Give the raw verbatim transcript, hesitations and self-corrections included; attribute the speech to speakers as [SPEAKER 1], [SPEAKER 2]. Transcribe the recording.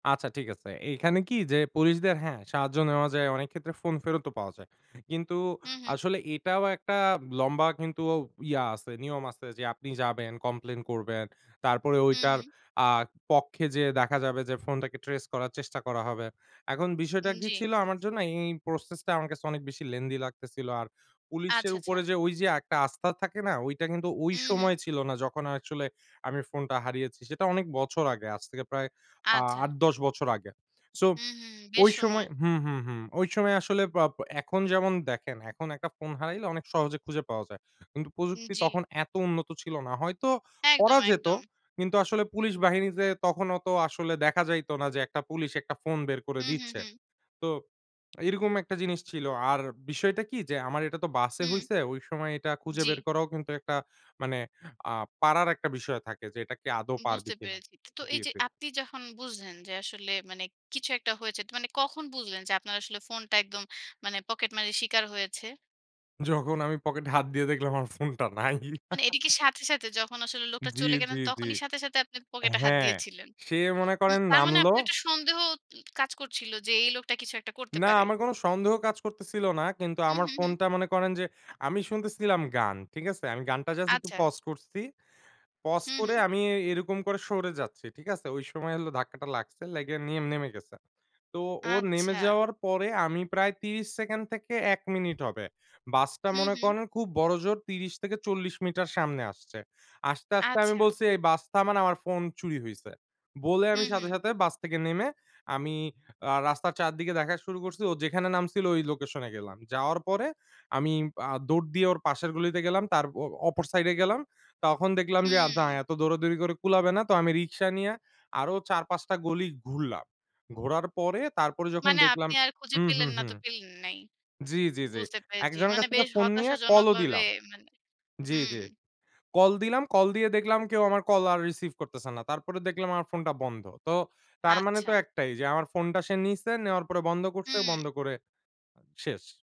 [SPEAKER 1] আচ্ছা ঠিক আছে, এইখানে কি যে পুলিশদের, হ্যাঁ সাহায্য নেওয়া যায় অনেক ক্ষেত্রে ফোন ফেরতও পাওয়া যায় কিন্তু
[SPEAKER 2] হু, হু।
[SPEAKER 1] আসলে এটাও একটা লম্বা কিন্তু ঔ ইয়া আছে, নিয়ম আছে যে আপনি যাবেন, কমপ্লেইন করবেন তারপরে
[SPEAKER 2] হু,
[SPEAKER 1] ওইটার
[SPEAKER 2] হু।
[SPEAKER 1] আ পক্ষে যেয়ে দেখা যাবে যে ফোনটাকে ট্রেস করার চেষ্টা করা হবে। এখন বিষয়টা
[SPEAKER 2] হুম,
[SPEAKER 1] কি
[SPEAKER 2] জি।
[SPEAKER 1] ছিল আমার জন্য এই প্রসেসটা আমার কাছে অনেক বেশি lengthy লাগতেছিল আর
[SPEAKER 2] আচ্ছা,
[SPEAKER 1] পুলিশের
[SPEAKER 2] আচ্ছা।
[SPEAKER 1] উপরে যে ওই যে একটা আস্থা থাকে না? ওইটা কিন্তু ওই
[SPEAKER 2] হু, হু।
[SPEAKER 1] সময় ছিল না যখন অ্যাকচুয়ালি আমি ফোনটা হারিয়েছি, সেটা অনেক বছর আগে আজ থেকে প্রায় আ
[SPEAKER 2] আচ্ছা।
[SPEAKER 1] আট-দশ বছর আগে। সো
[SPEAKER 2] হু, হু বেশ
[SPEAKER 1] ওই সময়
[SPEAKER 2] সময়!
[SPEAKER 1] হু, হুম, হুম ওই সময় আসলে পাপ এখন যেমন দেখেন এখন একটা ফোন হারাইলে অনেক সহজে খুঁজে পাওয়া যায়। কিন্তু
[SPEAKER 2] হু,
[SPEAKER 1] প্রযুক্তি
[SPEAKER 2] জি।
[SPEAKER 1] তখন এত উন্নত ছিল না। হয়তো করা
[SPEAKER 2] একদম,
[SPEAKER 1] যেত,
[SPEAKER 2] একদম।
[SPEAKER 1] কিন্তু আসলে পুলিশ বাহিনীতে তখন অত আসলে দেখা যাইত না যে একটা পুলিশ একটা ফোন বের করে
[SPEAKER 2] হু, হু,
[SPEAKER 1] দিচ্ছে
[SPEAKER 2] হু।
[SPEAKER 1] তো এইরকম একটা জিনিস ছিল আর বিষয়টা কি যে আমার এটা তো বাসে
[SPEAKER 2] হু।
[SPEAKER 1] হইছে ওই সময় এটা খুঁজে বের
[SPEAKER 2] জি।
[SPEAKER 1] করাও কিন্তু একটা মানে আ পারার একটা বিষয় থাকে যে, এটা কি আদৌ
[SPEAKER 2] উম
[SPEAKER 1] পারবে
[SPEAKER 2] বুঝতে
[SPEAKER 1] কিনা
[SPEAKER 2] পেরেছি। তো এই
[SPEAKER 1] জি,
[SPEAKER 2] যে
[SPEAKER 1] জি।
[SPEAKER 2] আপনি যখন বুঝলেন যে আসলে মানে কিছু একটা হয়েছে, তা মানে কখন বুঝলেন যে, আপনার আসলে ফোনটা একদম মানে পকেট মারের শিকার হয়েছে?
[SPEAKER 1] যখন আমি পকেটে হাত দিয়ে দেখলাম আমার ফোনটা নাই।
[SPEAKER 2] মানে এটা কি সাথে, সাথে? যখন আসলে লোকটা
[SPEAKER 1] জি,
[SPEAKER 2] চলে
[SPEAKER 1] জি,
[SPEAKER 2] গেলেন
[SPEAKER 1] জি।
[SPEAKER 2] তখনই সাথে, সাথে আপনি পকেটে হাত
[SPEAKER 1] হ্যাঁ
[SPEAKER 2] দিয়েছিলেন?
[SPEAKER 1] সে মনে
[SPEAKER 2] উম
[SPEAKER 1] করেন
[SPEAKER 2] তার মানে
[SPEAKER 1] নামল
[SPEAKER 2] আপনি একটা সন্দেহ উ কাজ করছিল যে, "এই লোকটা কিছু একটা করতে
[SPEAKER 1] না
[SPEAKER 2] পারে!"
[SPEAKER 1] আমার কোন সন্দেহ কাজ করতেছিল না কিন্তু
[SPEAKER 2] হু,
[SPEAKER 1] আমার
[SPEAKER 2] হু, হু।
[SPEAKER 1] ফোনটা মনে করেন যে, আমি শুনতেছিলাম গান, ঠিক আছে? আমি গানটা জাস্ট একটু
[SPEAKER 2] আচ্ছা।
[SPEAKER 1] pause করছি। Pause
[SPEAKER 2] হু,
[SPEAKER 1] করে
[SPEAKER 2] হু।
[SPEAKER 1] আমি এই এরকম করে সরে যাচ্ছি, ঠিক আছে? ওই সময় হলো ধাক্কাটা লাগছে, লাইগে নিয়ে নেমে গেছে। তো ও নেমে
[SPEAKER 2] আচ্ছা।
[SPEAKER 1] যাওয়ার পরে আমি প্রায় ত্রিশ সেকেন থেকে এক মিনিট হবে বাসটা
[SPEAKER 2] হু,
[SPEAKER 1] মনে
[SPEAKER 2] হু।
[SPEAKER 1] করেন খুব বড় জোর ত্রিশ থেকে চল্লিশ মিটার সামনে আসছে। আসতে, আসতে আমি
[SPEAKER 2] আচ্ছা।
[SPEAKER 1] বলছি, "এই বাস থামান আমার ফোন চুরি হইছে" বলে
[SPEAKER 2] হু,
[SPEAKER 1] আমি সাথে,
[SPEAKER 2] হু।
[SPEAKER 1] সাথে বাস থেকে নেমে আমি আ রাস্তার চারদিকে দেখা শুরু করছি, ও যেখানে নামছিল ওই লোকেশনে গেলাম। যাওয়ার পরে আমি আ দৌড় দিয়ে ওর পাশের গলিতে গেলাম, তার অ অপর সাইডে গেলাম তখন দেখলাম
[SPEAKER 2] হু।
[SPEAKER 1] যে আদ না এত দৌড়াদৌড়ি করে কুলাবে না, তো আমি রিক্সা নিয়া আরো চার-পাঁচ টা গলি ঘুরলাম। ঘোরার পরে তারপরে যখন
[SPEAKER 2] মানে
[SPEAKER 1] দেখলাম
[SPEAKER 2] আপনি আর খুঁজে
[SPEAKER 1] হু, হু,
[SPEAKER 2] পেলেন না
[SPEAKER 1] হু
[SPEAKER 2] তো পেলেন নাই।
[SPEAKER 1] জি, জি, জি,
[SPEAKER 2] বুঝতে পেরেছি
[SPEAKER 1] একজনের
[SPEAKER 2] মানে
[SPEAKER 1] কাছ থেকে
[SPEAKER 2] বেশ
[SPEAKER 1] ফোন নিয়ে
[SPEAKER 2] হতাশাজনক
[SPEAKER 1] কলও
[SPEAKER 2] ভাবে
[SPEAKER 1] দিলাম
[SPEAKER 2] মানে
[SPEAKER 1] জি,
[SPEAKER 2] হুম।
[SPEAKER 1] জি কল দিলাম কল দিয়ে দেখলাম কেউ আমার কল আর রিসিভ করতেছে না, তারপরে দেখলাম আমার ফোনটা বন্ধ। তো তার মানে
[SPEAKER 2] আচ্ছা।
[SPEAKER 1] তো একটাই যে আমার ফোনটা সে নিছে, নেওয়ার পরে বন্ধ করছে,
[SPEAKER 2] হু।
[SPEAKER 1] বন্ধ করে আ শেষ।